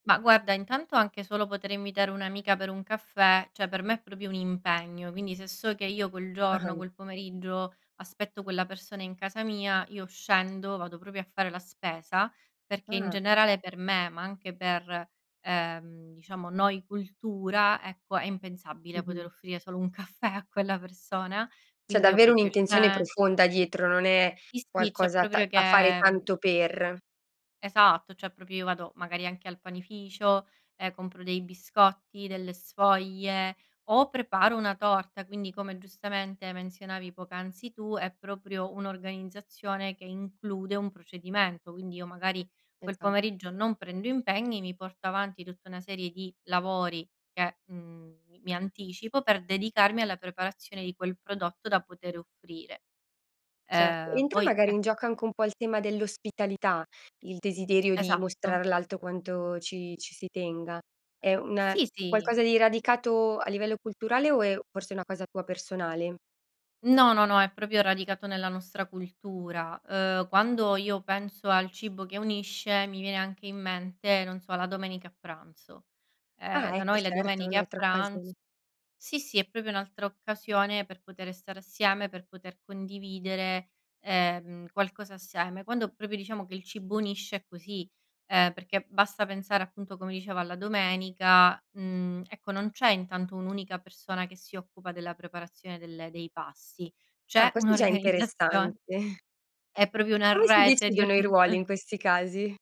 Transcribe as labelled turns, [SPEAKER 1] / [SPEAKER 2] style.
[SPEAKER 1] Ma guarda, intanto anche solo potere invitare un'amica per un caffè, cioè per me è proprio un impegno, quindi se so che io quel giorno,
[SPEAKER 2] Ah-ah.
[SPEAKER 1] quel pomeriggio aspetto quella persona in casa mia, io scendo, vado proprio a fare la spesa, perché in
[SPEAKER 2] Ah.
[SPEAKER 1] generale per me, ma anche per, ehm, diciamo noi cultura, ecco è impensabile poter
[SPEAKER 2] Mh-mh.
[SPEAKER 1] offrire solo un caffè a quella persona.
[SPEAKER 2] C'è
[SPEAKER 1] Quindi io
[SPEAKER 2] davvero
[SPEAKER 1] proprio
[SPEAKER 2] un'intenzione
[SPEAKER 1] sce
[SPEAKER 2] profonda dietro, non è
[SPEAKER 1] Sì, sì, cioè
[SPEAKER 2] qualcosa ta
[SPEAKER 1] proprio che,
[SPEAKER 2] da fare
[SPEAKER 1] mhmm
[SPEAKER 2] tanto per.
[SPEAKER 1] Esatto, cioè proprio io vado, magari anche al panificio e compro dei biscotti, delle sfoglie o preparo una torta. Quindi, come giustamente menzionavi poc'anzi tu, è proprio un'organizzazione che include un procedimento. Quindi io magari quel
[SPEAKER 2] Esa
[SPEAKER 1] pomeriggio non prendo impegni, mi porto avanti tutta una serie di lavori che, mhmm, mi mi anticipo per dedicarmi alla preparazione di quel prodotto da poter offrire.
[SPEAKER 2] Certo,
[SPEAKER 1] Ehm,
[SPEAKER 2] entra
[SPEAKER 1] poi
[SPEAKER 2] magari
[SPEAKER 1] e
[SPEAKER 2] in gioco anche un po' il tema dell'ospitalità, il desiderio di
[SPEAKER 1] Esatto.
[SPEAKER 2] mostrare all'alto quanto ci ci si tenga. È una un
[SPEAKER 1] Sì, sì.
[SPEAKER 2] qualcosa di radicato a livello culturale o è forse una cosa tua personale?
[SPEAKER 1] No, no, no, è proprio radicato nella nostra cultura. Uhm, quando io penso al cibo che unisce mi viene anche in mente, non so, la domenica a pranzo. Ehm,
[SPEAKER 2] Ah,
[SPEAKER 1] da
[SPEAKER 2] ecco,
[SPEAKER 1] noi le
[SPEAKER 2] certo, è
[SPEAKER 1] domeniche a
[SPEAKER 2] un'altra occasione.
[SPEAKER 1] pranz sì, sì, è proprio un'altra occasione per potere stare assieme, per poter condividere, ehm, qualcosa assieme. Quando proprio diciamo che il cibo unisce è così, ehm, perché basta pensare appunto come dicevo alla domenica, mhmm, ecco non c'è intanto un'unica persona che si occupa della preparazione delle dei pasti,
[SPEAKER 2] Ah,
[SPEAKER 1] c'è
[SPEAKER 2] questo è già interessante.
[SPEAKER 1] un'organizzazion è proprio una
[SPEAKER 2] Come si
[SPEAKER 1] rete di
[SPEAKER 2] decidono i ruoli
[SPEAKER 1] organizza
[SPEAKER 2] in questi casi?